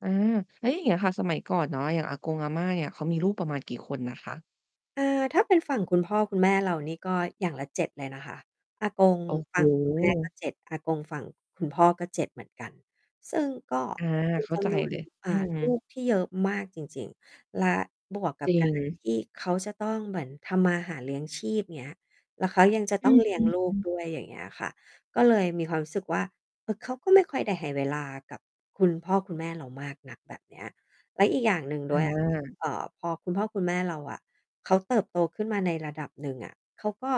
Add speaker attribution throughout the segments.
Speaker 1: อา แล้วอย่างเงี้ยค่ะ สมัยก่อนเนาะ อย่างอากง อาม่า เงี่ย เขามีลูกประมาณกี่คนน่ะคะ?
Speaker 2: อา ถ้าเป็นฝั่งคุณพ่อคุณแม่เรานี่ก็อย่างละ 7 เลยนะคะ อากง
Speaker 1: โอ้โ
Speaker 2: ฝั่งคุณแม่ก็
Speaker 1: ฮ
Speaker 2: 7 อากงฝั่งคุณพ่อก็ 7 เหมือนกัน ซึ่งก็
Speaker 1: อา
Speaker 2: เป็น
Speaker 1: เข้
Speaker 2: จ
Speaker 1: าใจ
Speaker 2: ำนวน
Speaker 1: เลย
Speaker 2: อ
Speaker 1: อื
Speaker 2: ่า
Speaker 1: ม
Speaker 2: ลูก ที่เยอะมากจริง ๆ และบวกก
Speaker 1: จ
Speaker 2: ับ
Speaker 1: ริ
Speaker 2: การ
Speaker 1: ง
Speaker 2: ที่เขาจะต้องเหมือนทำมาหาเลี้ยงชีพ เงี้ย แล้วเขายังจะ
Speaker 1: อ
Speaker 2: ต
Speaker 1: ื
Speaker 2: ้องเลี้ยง
Speaker 1: ม
Speaker 2: ลูก
Speaker 1: ๆ ๆ
Speaker 2: ด้วย อย่างเงี้ยค่ะ ก็เลยมีความรู้สึกว่า เออ เขาก็ไม่ค่อยได้ให้เวลากับคุณพ่อคุณแม่เรามากนัก แบบเนี้ย และอีกอย่างหนึ่ง
Speaker 1: อ
Speaker 2: ด้วย อะค่ะ
Speaker 1: า
Speaker 2: เอ่อ พอคุณพ่อคุณแม่เราอะเขาเติบโตขึ้นมาในระดับหนึ่งอะ เขาก็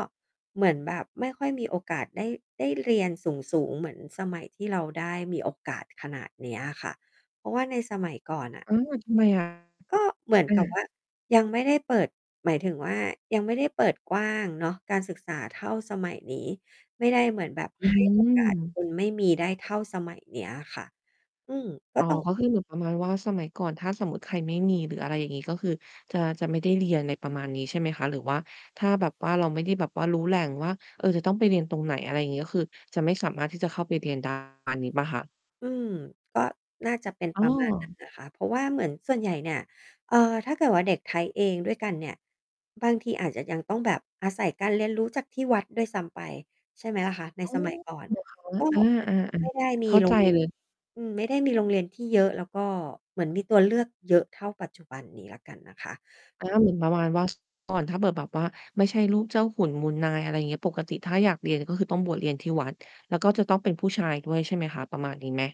Speaker 2: เหมือนแบบไม่ค่อยมีโอกาสได้ ได้ เรียน สูง ๆ เหมือนสมัยที่เราได้มีโอกาสขนาดเนี้ยอะค่ะ เพราะว่าในสมัยก่อน น่ะ
Speaker 1: เออ ทำไม อะ?
Speaker 2: ก็เหมือน
Speaker 1: อ
Speaker 2: กับว
Speaker 1: า
Speaker 2: ่า ยังไม่ได้เปิด หมายถึงว่า ยังไม่ได้เปิดกว้างเนาะการศึกษาเท่าสมัยนี้ ไม่ได้เหมือนแบบ
Speaker 1: อ
Speaker 2: ให้โอกาส
Speaker 1: ือ
Speaker 2: คน ไม่มีได้เท่าสมัยเนี้ยค่ะ อืม ก็
Speaker 1: อ๋อ
Speaker 2: ต้อง
Speaker 1: ก็คือเหมือนประมาณว่า สมัยก่อน ถ้าสมมุติใครไม่มีหรืออะไรอย่างงี้ ก็คือจะ จะไม่ได้เรียน ไรประมาณนี้ ใช่ไหมคะ? หรือว่าถ้าแบบว่าเราไม่ได้แบบว่ารู้แหล่งว่า เออ จะต้องไปเรียนตรงไหน อะไรงี้ ก็คือจะไม่สามารถที่จะเข้าไปเรียน ได้ มาณนี้เปล่าคะ?
Speaker 2: อืม ก็น่าจะเป็น
Speaker 1: อ้
Speaker 2: ประมาณนั้น
Speaker 1: อ
Speaker 2: นะคะ เพราะว่าเหมือนส่วนใหญ่เนี่ย เอ่อ ถ้าเกิดว่า เด็กไทยเองด้วยกันเนี่ย บางทีอาจจะยังต้องแบบอาศัยการเรียนรู้จากที่วัดด้วยซ้ำไป ใช่ไหมล่ะคะ ใน
Speaker 1: โอ้
Speaker 2: สมัย ก่
Speaker 1: เ
Speaker 2: อ
Speaker 1: ห
Speaker 2: นน่ะ
Speaker 1: รอค
Speaker 2: ก
Speaker 1: ะ?
Speaker 2: ็
Speaker 1: อา ๆ อา
Speaker 2: ไม่ได้ ม
Speaker 1: เข
Speaker 2: ี
Speaker 1: ้า
Speaker 2: โร
Speaker 1: ใจ
Speaker 2: งเรียน
Speaker 1: เลย
Speaker 2: อืม ไม่ได้มีโรงเรียนที่เยอะ แล้วก็เหมือนมีตัวเลือกเยอะเท่าปัจจุบันนี้แล้วกันนะคะ
Speaker 1: อา เหมือนประมาณว่า ก่อน ถ้าเผื่อแบบว่าไม่ใช่ลูกเจ้าขุนมูลนาย อะไรเงี้ย ปกติถ้าอยากเรียนก็คือต้องบวชเรียนที่วัด แล้วก็จะต้องเป็นผู้ชายด้วย ใช่ไหมคะ? ประมาณนี้ไหม?